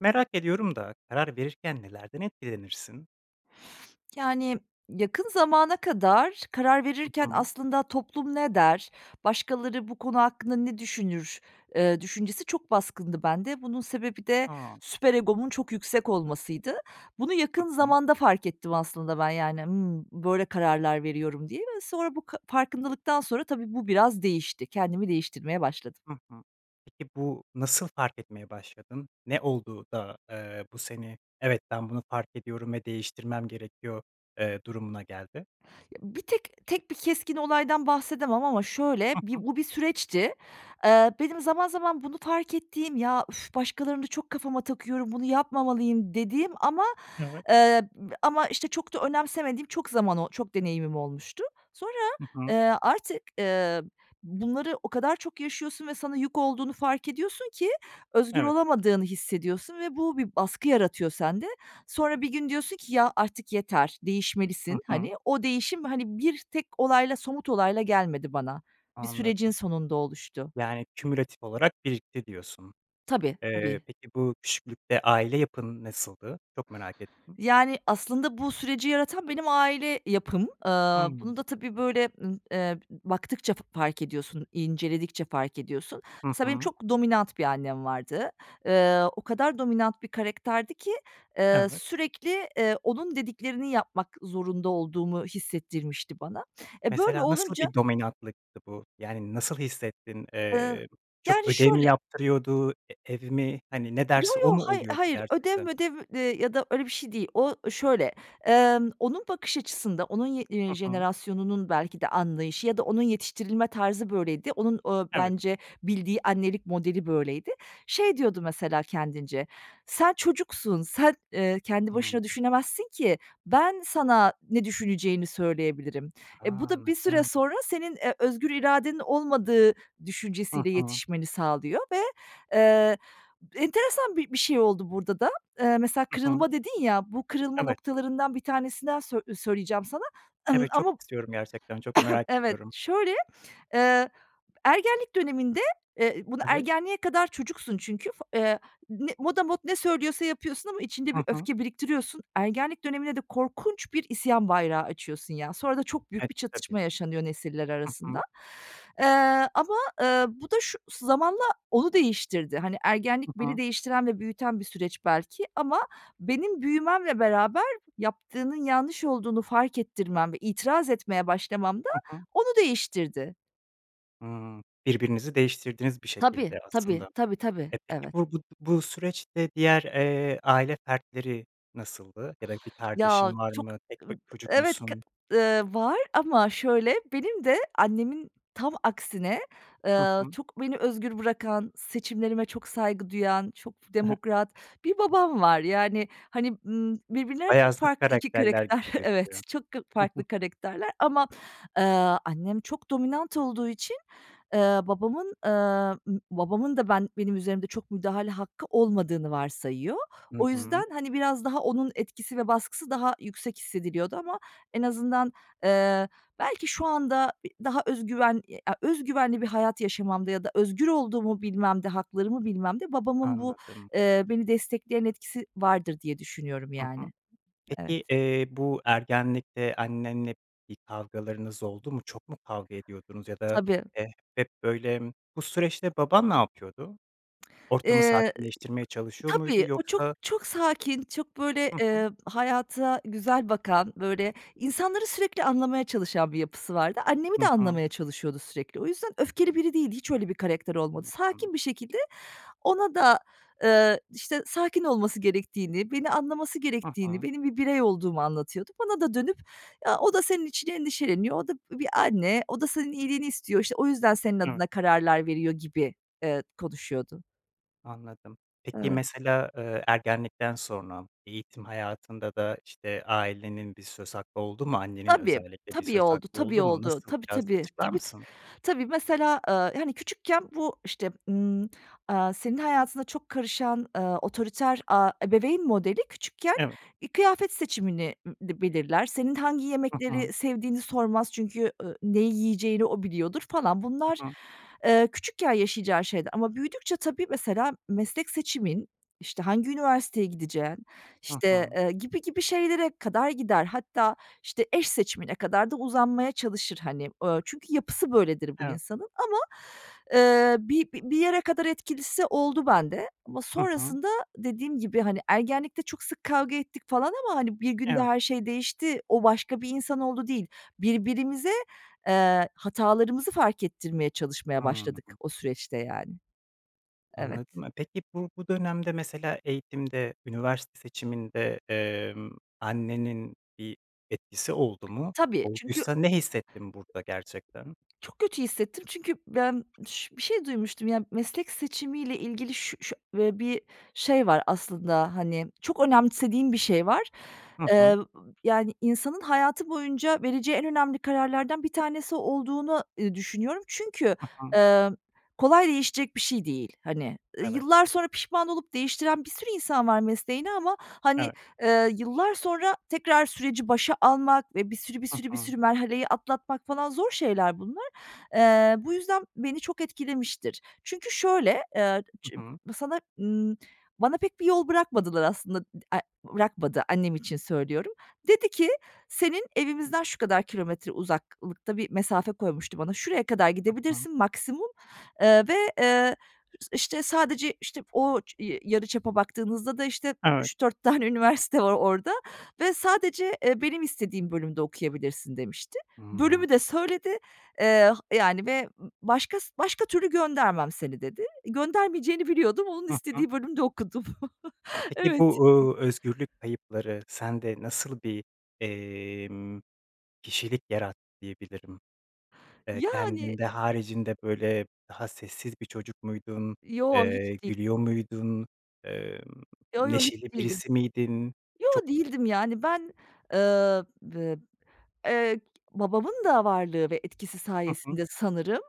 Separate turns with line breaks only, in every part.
Merak ediyorum da karar verirken nelerden etkilenirsin?
Yani, yakın zamana kadar karar
Hı
verirken
hı.
aslında toplum ne der, başkaları bu konu hakkında ne düşünür, ııı, düşüncesi çok baskındı bende. Bunun sebebi de
Hıı.
süper egomun çok yüksek olmasıydı. Bunu
Hı
yakın
hı.
zamanda fark ettim aslında ben, yani, ımm, böyle kararlar veriyorum diye ve sonra bu ka farkındalıktan sonra tabii bu biraz değişti. Kendimi değiştirmeye başladım.
Hı hı. Peki, bu, nasıl fark etmeye başladın? Ne oldu da, eee, bu seni, "Evet. Ben, bunu fark ediyorum ve değiştirmem gerekiyor", eee, durumuna geldi?
Ya bir tek tek bir keskin olaydan bahsedemem ama şöyle,
Hı
bi
hı.
o bir süreçti. Eee, benim zaman zaman bunu fark ettiğim, "Ya üf, başkalarını da çok kafama takıyorum, bunu yapmamalıyım" dediğim ama,
Evet.
eee, b ama işte çok da önemsemediğim çok zaman o çok deneyimim olmuştu. Sonra,
Hı hı.
eee, artık, ııı, bunları o kadar çok yaşıyorsun ve sana yük olduğunu fark ediyorsun ki özgür
Evet.
olamadığını hissediyorsun ve bu, bir baskı yaratıyor sende. Sonra bir gün diyorsun ki, "Ya, artık yeter,
Hı
değişmelisin."
hı.
Hani, o değişim, hani, 1 tek olayla, somut olayla gelmedi bana. Bir sürecin
Anladım.
sonunda oluştu.
Yani, kümülatif olarak birikti diyorsun.
Tabii.
Eee,
Tabii.
peki, bu, küçüklükte aile yapın nasıldı? Çok merak ettim.
Yani, aslında bu süreci yaratan benim aile yapım.
Hıı.
Iıı, bunu da tabii, böyle, ımm, eee, b baktıkça f fark ediyorsun, inceledikçe fark ediyorsun.
Hı
Mesela benim
hı.
çok dominant bir annem vardı. Iıı, o kadar dominant bir karakterdi ki, eee,
Evet.
sürekli, eee, onun dediklerini yapmak zorunda olduğumu hissettirmişti bana. E, böyle
Mesela nasıl
olunca
bir dominantlıktı bu? Yani, nasıl hissettin?
Iıı,
Eee, çok
yani
ödev mi
şöyle
yaptırıyordu? E evi mi? Hani, ne
Yo
derse o
yo,
mu
hay
oluyordu
hayır, ödev
gerçekten?
mödev, eee, ya da öyle bir şey değil. O şöyle, emm, onun bakış açısında, onun ye eee,
Hı hı.
jenerasyonunun belki de anlayışı ya da onun yetiştirilme tarzı böyleydi, onun, ooo,
Evet.
bence bildiği annelik modeli böyleydi. Şey diyordu mesela kendince: "Sen çocuksun, sen, eee, kendi
Hıı.
başına düşünemezsin ki. Ben, sana ne düşüneceğini söyleyebilirim." E, bu
Ha,
da bir süre
anladım.
sonra senin, eee, özgür iradenin olmadığı
Hı
düşüncesiyle
hı.
yetişmeni sağlıyor ve, eee, enteresan bi bir şey oldu burada da. Eee, mesela
Hı hı.
kırılma dedin ya, bu kırılma
Evet.
noktalarından bir tanesinden sö söyleyeceğim sana, ımm,
Evet, çok
ama
istiyorum gerçekten, çok merak
evet,
ediyorum.
şöyle, eee, ergenlik döneminde, eee, bunu
Evet?
ergenliğe kadar çocuksun çünkü, fa eee, ne motamot ne söylüyorsa yapıyorsun ama içinde bir
Hı hı.
öfke biriktiriyorsun. Ergenlik dönemine de korkunç bir isyan bayrağı açıyorsun ya, sonra da çok büyük
E,
bir
tabii.
çatışma yaşanıyor nesiller
Hı
arasında.
hı.
Eee, ama, eee, bu da şu zamanla onu değiştirdi. Hani, ergenlik
Hı
beni
hı.
değiştiren ve büyüten bir süreç belki ama benim büyümemle beraber yaptığının yanlış olduğunu fark ettirmem ve itiraz etmeye başlamam da
Hı hı.
onu değiştirdi.
Hıı. Birbirinizi değiştirdiniz bir
Tabii.
şekilde aslında.
Tabii. Tabii, tabii.
E, peki
Evet.
bu bu b bu süreçte diğer, eee, aile fertleri nasıldı? Ya da bir
Ya,
kardeşin var
çok
mı? Tek b
ımm,
çocuk
evet, kı
musun?
ııı, var ama şöyle, benim de annemin tam aksine,
Hı
eee,
hı.
çok beni özgür bırakan, seçimlerime çok saygı duyan, çok demokrat bir babam var. Yani, hani, ımm, birbirlerine
Bayağı zıt
farklı 2
karakterler
karakter
gibi
evet,
gözüküyor.
çok k
Hı hı.
farklı karakterler ama, ııı, annem çok dominant olduğu için, ııı, babamın, ııı, babamın da ben benim üzerimde çok müdahale hakkı olmadığını varsayıyor.
Hı
O
hı.
yüzden, hani, biraz daha onun etkisi ve baskısı daha yüksek hissediliyordu ama en azından, eee, belki şu anda e daha öz güven, e a öz güvenli bir hayat yaşamamda ya da özgür olduğumu bilmemde, haklarımı bilmemde babamın bu,
Anladım.
eee, beni destekleyen etkisi vardır diye düşünüyorum,
Hı hı.
yani.
Peki,
Evet.
eee, bu, ergenlikte annenle bir kavgalarınız oldu mu, çok mu kavga ediyordunuz ya da,
Tabii.
eee, hep böyle, bu süreçte baban ne yapıyordu? Ortamı
Eee,
sakinleştirmeye çalışıyor muydu?
tabii, o çok,
Yoksa
çok sakin, çok böyle,
Hı hı.
eee, hayata güzel bakan, böyle, insanları sürekli anlamaya çalışan bir yapısı vardı. Annemi
Hı
de
hı.
anlamaya çalışıyordu sürekli. O yüzden öfkeli biri değildi, hiç öyle bir karakter olmadı.
Anladım.
Sakin bir şekilde ona da, eee, işte, sakin olması gerektiğini, beni anlaması
Hı
gerektiğini,
hı.
benim bir birey olduğumu anlatıyordu. Bana da dönüp "Ya, o da senin için endişeleniyor. O da b bir anne. O da senin iyiliğini istiyor. İşte, o yüzden senin
Evet.
adına kararlar veriyor" gibi, eee, konuşuyordu.
Anladım. Peki,
Evet.
mesela, eee, ergenlikten sonra eğitim hayatında da, işte, ailenin bir söz hakkı oldu mu? Annenin
Tabii,
özellikle bir
tabii
söz
oldu,
hakkı
tabii
oldu mu?
oldu.
Nasıl?
Tabii,
Biraz
tabii,
açıklar
tabii, ta
mısın?
tabii. Mesela, ııı, hani, küçükken bu işte, ımm, aaa, senin hayatına çok karışan, ııı, otoriter, aaa, ebeveyn modeli küçükken,
Evet.
ııı, kıyafet seçimini, ııı, dı belirler. Senin hangi
Hı hı.
yemekleri sevdiğini sormaz çünkü, ııı, neyi yiyeceğini o biliyordur, falan. Bunlar,
Hı hı.
eee, küçükken yaşayacağın şeyler ama büyüdükçe tabii, mesela, meslek seçimin, işte, hangi üniversiteye gideceğin,
Hı
işte,
hı.
eee, gibi gibi şeylere kadar gider. Hatta, işte, eş seçimine kadar da uzanmaya çalışır, hani. Iıı, çünkü yapısı böyledir bu
Evet.
insanın ama, eee, bi bir yere kadar etkilisi oldu bende ama
Hı hı.
sonrasında dediğim gibi, hani, ergenlikte çok sık kavga ettik falan ama, hani, 1 günde
Evet.
her şey değişti, o başka bir insan oldu, değil. Birbirimize, eee, hatalarımızı fark ettirmeye çalışmaya başladık
Hımm.
o süreçte, yani. Evet.
Anladım. E, peki, bu bu dönemde mesela eğitimde, üniversite seçiminde, emm, annenin bir etkisi oldu mu?
Tabii, çünkü
Olduysa
o
ne hissettin burada gerçekten?
çok kötü hissettim çünkü ben ş bir şey duymuştum, ya. Meslek seçimiyle ilgili ş şö eee, bir şey var aslında, hani, çok önemsediğim bir şey var.
Hı hı.
Eee, yani, insanın hayatı boyunca vereceği en önemli kararlardan bir tanesi olduğunu, ııı, düşünüyorum. Çünkü,
Hı hı.
eee, kolay değişecek bir şey değil, hani.
Evet.
Yıllar sonra pişman olup değiştiren bir sürü insan var mesleğini ama, hani,
Evet.
eee, yıllar sonra tekrar süreci başa almak ve bir sürü bir
Hı
sürü bir
hı.
sürü merhaleyi atlatmak falan, zor şeyler bunlar. Eee, bu yüzden beni çok etkilemiştir. Çünkü şöyle, eee, ç
Hı hı.
sana ımm, bana pek bir yol bırakmadılar aslında. Dı a bırakmadı, annem için söylüyorum. Dedi ki, "Senin, evimizden şu kadar kilometre uzaklıkta" bir mesafe koymuştu bana, "Şuraya kadar
Hı hı.
gidebilirsin maksimum." eee, ve, eee, ıh işte, sadece, işte, o i yarıçapa baktığınızda da, işte,
Evet.
3 4 tane üniversite var orada ve sadece, eee, "Benim istediğim bölümde okuyabilirsin." demişti.
Hıı.
Bölümü de söyledi, eee, ha yani, ve "Başka başka türlü göndermem seni", dedi. Göndermeyeceğini biliyordum, onun
Hı hı.
istediği bölümde okudum.
Peki bu,
Evet.
uuu, özgürlük kayıpları sende nasıl bir, emm, kişilik yarattı diyebilirim? Eee,
Yani.
kendin de haricinde, böyle, daha sessiz bir çocuk muydun?
Yo, hiç
Eee,
değil.
gülüyor muydun? Emm,
Yo, yo, hiç
neşeli
değilim.
birisi miydin?
Yo,
Çok
değildim, yani. Ben, eee, bı eee, babamın da varlığı ve etkisi
Hı hı.
sayesinde sanırım,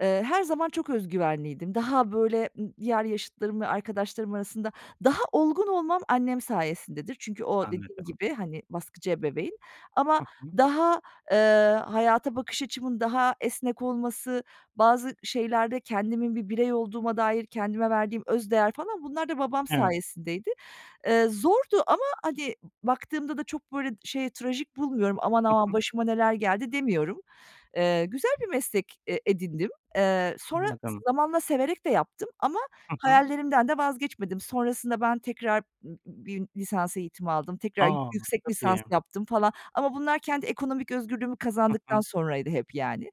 eee, her zaman çok öz güvenliydim. Daha, böyle, ımm, diğer yaşıtlarım ve arkadaşlarım arasında daha olgun olmam annem sayesindedir. Çünkü o dediğim
Anladım.
gibi, hani, baskıcı ebeveyn ama
Hı hı.
daha, eee, hayata bakış açımın daha esnek olması, bazı şeylerde kendimin bir birey olduğuma dair kendime verdiğim öz değer, falan, bunlar da babam
Evet.
sayesindeydi. Eee, zordu ama, hani, baktığımda da çok, böyle, şey, trajik bulmuyorum. "Aman,
Hı
aman
hı.
başıma neler geldi!" demiyorum. Eee, güzel bir meslek e edindim. Eee, sonra
Anladım.
zamanla severek de yaptım ama
Hı hı.
hayallerimden de vazgeçmedim. Sonrasında ben tekrar b b bir lisans eğitimi aldım. Tekrar
A!
yüksek
Çok
lisans
iyi.
yaptım falan, ama bunlar kendi ekonomik özgürlüğümü
Hı hı.
kazandıktan sonraydı hep, yani.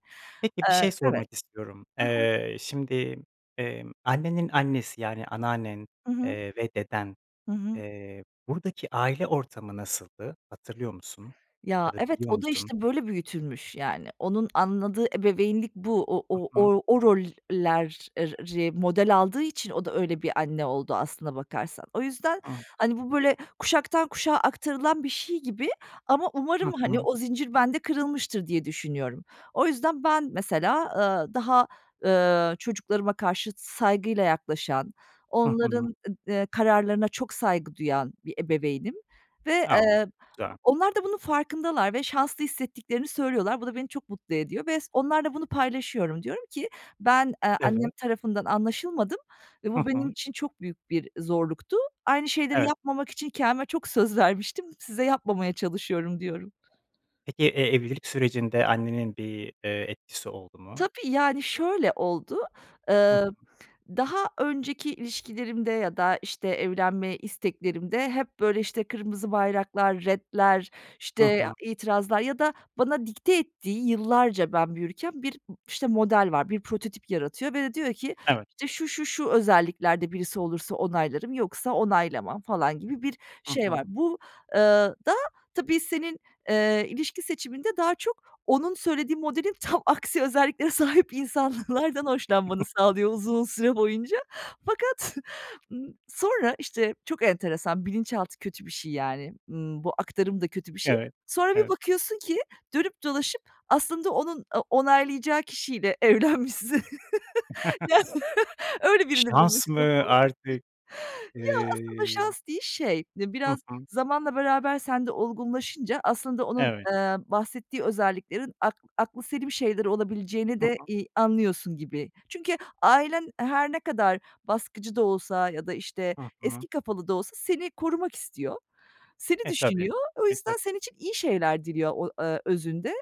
Peki, bir
Eee,
şey
evet.
sormak istiyorum.
Hı hı.
Eee, şimdi, emm, annenin annesi, yani, anneannen,
Hı hı.
eee, ve deden,
Hı hı.
eee, buradaki aile ortamı nasıldı? Hatırlıyor musun?
Ya,
Ya da
evet,
biliyor
o da
musun?
işte, böyle, büyütülmüş, yani. Onun anladığı ebeveynlik bu. O
Hı
o
hı.
o, o rol ler er ri model aldığı için o da öyle bir anne oldu aslına bakarsan. O yüzden,
Hı.
hani, bu, böyle, kuşaktan kuşağa aktarılan bir şey gibi ama
Hı
umarım, hani,
hı.
o zincir bende kırılmıştır diye düşünüyorum. O yüzden ben mesela, ııı, daha, ııı, çocuklarıma karşı saygıyla yaklaşan,
Hı hı.
onların, ııı, kararlarına çok saygı duyan bir ebeveynim ve,
A!
eee,
Güzel.
onlar da bunun farkındalar ve şanslı hissettiklerini söylüyorlar. Bu da beni çok mutlu ediyor ve s onlarla bunu paylaşıyorum. Diyorum ki, "Ben, eee, annem
Evet.
tarafından anlaşılmadım ve
Hı
bu benim
hı.
için çok büyük bir zorluktu. Aynı şeyleri
Evet.
yapmamak için kendime çok söz vermiştim size yapmamaya çalışıyorum." diyorum.
Peki, eee, evlilik sürecinde annenin bir, eee, etkisi oldu mu?
Tabii, yani, şöyle oldu:
Hı
Iıı,
hı.
daha önceki ilişkilerimde ya da işte evlenme isteklerimde hep, böyle, işte, kırmızı bayraklar, retler,
Hı
işte,
hı.
itirazlar ya da bana dikte ettiği, yıllarca ben büyürken, bir, işte, model var, bir prototip yaratıyor ve de diyor ki:
Evet.
İşte, "Şu, şu, şu özelliklerde birisi olursa onaylarım yoksa onaylamam." falan gibi bir
Hı
şey var.
hı.
Bu eee, da tabii senin, eee, ilişki seçiminde daha çok onun söylediği modelin tam aksi özelliklere sahip insanlardan hoşlanmanı sağlıyor, uzun süre boyunca. Fakat sonra işte çok enteresan, bilinçaltı kötü bir şey yani, ımm, bu aktarım da kötü bir şey.
Evet.
Sonra bir
Evet.
bakıyorsun ki dönüp dolaşıp aslında onun, aaa, onaylayacağı kişiyle evlenmişsin. Öyle birini
Şans
bulmuşsun,
mı?
falan.
Artık...
Ya, aslında
ııı
şans değil, şey,
Hı
biraz
hı.
zamanla beraber sende olgunlaşınca aslında onun,
Evet.
eee, bahsettiği özelliklerin ak aklıselim şeyler olabileceğini
Hı
de,
hı.
iii, anlıyorsun gibi. Çünkü ailen her ne kadar baskıcı da olsa ya da, işte,
Hı hı.
eski kafalı da olsa seni korumak istiyor, seni
E, tabii.
düşünüyor. O
E,
yüzden
tabii.
senin için iyi şeyler diliyor o, eee, özünde.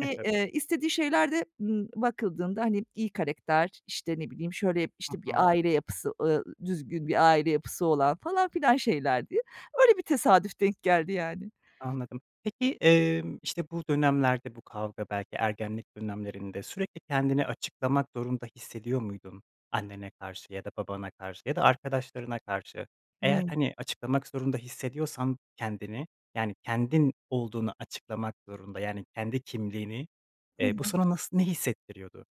E, tabii.
eee, istediği şeyler de, ımm, bakıldığında, hani, iyi karakter, işte ne bileyim, şöyle,
Hı
işte, bir
hı.
aile yapısı, ııı, düzgün bir aile yapısı olan, falan filan şeylerdi. Öyle bir tesadüf denk geldi, yani.
Anladım. Peki, emm, işte bu dönemlerde, bu kavga, belki ergenlik dönemlerinde sürekli kendini açıklamak zorunda hissediyor muydun? Annene karşı ya da babana karşı ya da arkadaşlarına karşı? Eğer,
Hıı.
hani, açıklamak zorunda hissediyorsan kendini, yani, kendin olduğunu açıklamak zorunda, yani, kendi kimliğini,
Hı
eee, bu
hı.
sana nası ne hissettiriyordu?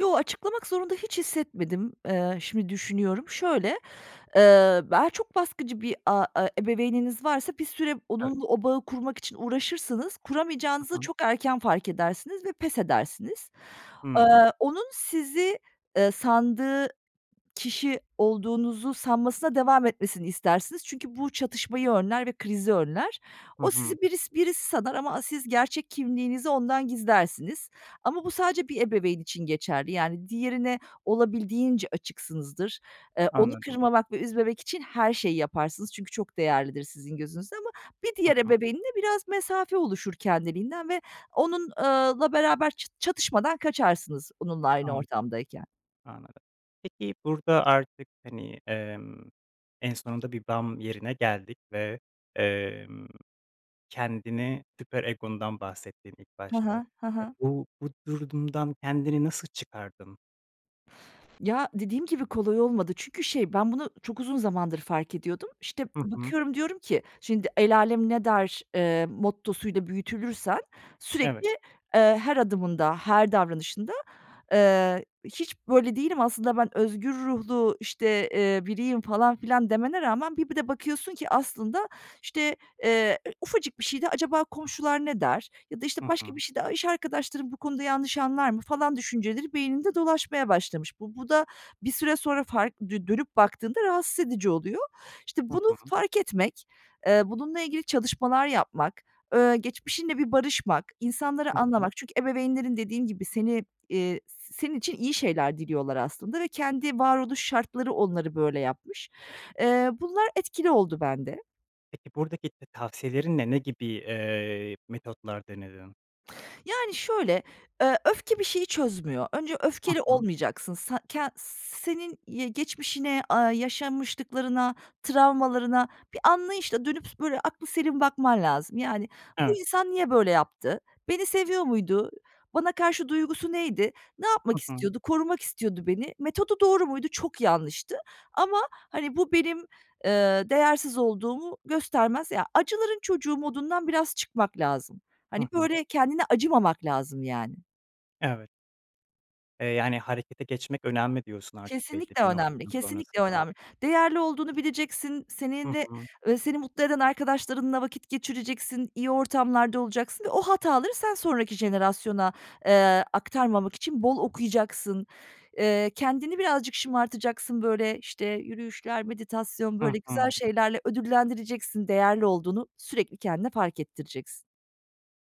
Yo, açıklamak zorunda hiç hissetmedim. Eee, şimdi düşünüyorum. Şöyle, eee, be çok baskıcı bir a e ebeveyniniz varsa bir süre
Evet.
onunla o bağı kurmak için uğraşırsınız,
Hı
kuramayacağınızı
hı.
çok erken fark edersiniz ve pes edersiniz. Eee,
Hıı.
onun sizi, ııı, sandığı kişi olduğunuzu sanmasına devam etmesini istersiniz çünkü bu çatışmayı önler ve krizi önler.
Hı
O
hı.
sizi biris birisi sanar ama a siz gerçek kimliğinizi ondan gizlersiniz ama bu sadece bir ebeveyn için geçerli. Yani, diğerine olabildiğince açıksınızdır. Eee, onu
Anladım.
kırmamak ve üzmemek için her şeyi yaparsınız çünkü çok değerlidir sizin gözünüzde ama bir
Hı
diğer
hı.
ebeveynle biraz mesafe oluşur kendiliğinden ve onun eee, la beraber çı çatışmadan kaçarsınız onunla aynı
Anladım.
ortamdayken.
Anladım. Peki, burada artık, hani, emm, en sonunda bir bam yerine geldik ve, emm, kendini süper egondan bahsettin ilk
Hı
başta.
hı. Hı
E,
hı.
bu, bu durumdan kendini nasıl çıkardın?
Ya, dediğim gibi kolay olmadı. Çünkü, şey, ben, bunu çok uzun zamandır fark ediyordum. İşte,
Hı hı.
bakıyorum, diyorum ki: "Şimdi el âlem ne der?" eee, mottosuyla büyütülürsen
Evet.
sürekli, eee, her adımında, her davranışında. Eee, hiç böyle değilim aslında ben özgür ruhlu, işte, eee, biriyim falan filan demene rağmen bir bir de bakıyorsun ki aslında, işte, eee, e ufacık bir şeyde, "Acaba komşular ne der?" Ya da, işte,
Hı
başka
hı.
bir şeyde, "A, iş arkadaşlarım bu konuda yanlış anlar mı?" falan düşünceleri beyninde dolaşmaya başlamış. Bu, bu da bir süre sonra fark, dö dönüp baktığında rahatsız edici oluyor. İşte,
Hı
bunu
hı.
fark etmek, eee, bununla ilgili çalışmalar yapmak, eee, geçmişinle bir barışmak,
Hı
insanları
hı.
anlamak, çünkü ebeveynlerin dediğim gibi seni, eee, senin için iyi şeyler diliyorlar aslında ve kendi varoluş şartları onları böyle yapmış. Eee, bunlar etkili oldu bende.
Peki, buradaki te tavsiyelerin ne, ne gibi, eee, metotlar denedin?
Yani, şöyle, eee, öfke bir şeyi çözmüyor. Önce
Hı
öfkeli
hı.
olmayacaksın. Sa ken senin y geçmişine, aaa, yaşanmışlıklarına, travmalarına bir anlayışla dönüp s böyle aklıselim bakman lazım. Yani, bu
Evet.
insan niye böyle yaptı? Beni seviyor muydu? Bana karşı duygusu neydi? Ne
Hı
yapmak
hı.
istiyordu? Korumak istiyordu beni. Metodu doğru muydu? Çok yanlıştı ama, hani, bu, benim, eee, değersiz olduğumu göstermez. Ya, acıların çocuğu modundan biraz çıkmak lazım.
Hı
Hani,
hı.
böyle, kendine acımamak lazım yani.
Evet. Eee, yani harekete geçmek önemli diyorsun artık belli
Kesinlikle
bir
önemli,
noktadan
kesinlikle
sonrasında.
önemli. Değerli olduğunu bileceksin,
Hı
seninle,
hı.
eee, seni mutlu eden arkadaşlarınla vakit geçireceksin, iyi ortamlarda olacaksın ve o hataları sen sonraki jenerasyona, eee, aktarmamak için bol okuyacaksın. Eee, kendini birazcık şımartacaksın, böyle, işte, yürüyüşler, meditasyon,
Hı
böyle, güzel
hı.
şeylerle ödüllendireceksin, değerli olduğunu sürekli kendine fark ettireceksin.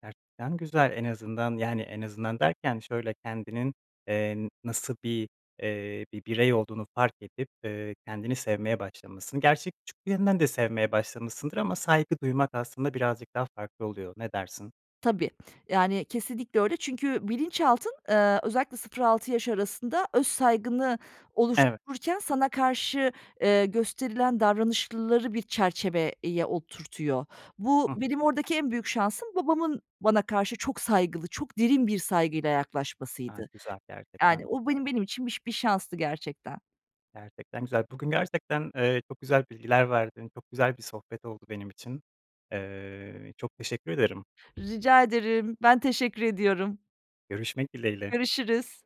Gerçekten güzel, en azından, yani, en azından derken şöyle: Kendinin, eee, nasıl bir, eee, bir birey olduğunu fark edip, eee, kendini sevmeye başlamışsın. Gerçi küçüklüğünden de sevmeye başlamışsındır ama saygı duymak aslında birazcık daha farklı oluyor, ne dersin?
Tabii. Yani, kesinlikle öyle. Çünkü bilinçaltın, eee, özellikle 0-6 yaş arasında öz saygını
Evet.
oluştururken sana karşı, eee, gösterilen davranışları bir çerçeveye oturtuyor. Bu,
Hı hı.
benim oradaki en büyük şansım babamın bana karşı çok saygılı, çok derin bir saygıyla
Gayet
yaklaşmasıydı.
güzel.
Yani,
Gerçekten
o
güzel.
benim benim için bi bir şanstı gerçekten.
Gerçekten güzel. Bugün gerçekten, eee, çok güzel bilgiler verdin. Çok güzel bir sohbet oldu benim için. Eee, çok teşekkür ederim.
Rica ederim. Ben teşekkür ediyorum.
Görüşmek dileğiyle.
Görüşürüz.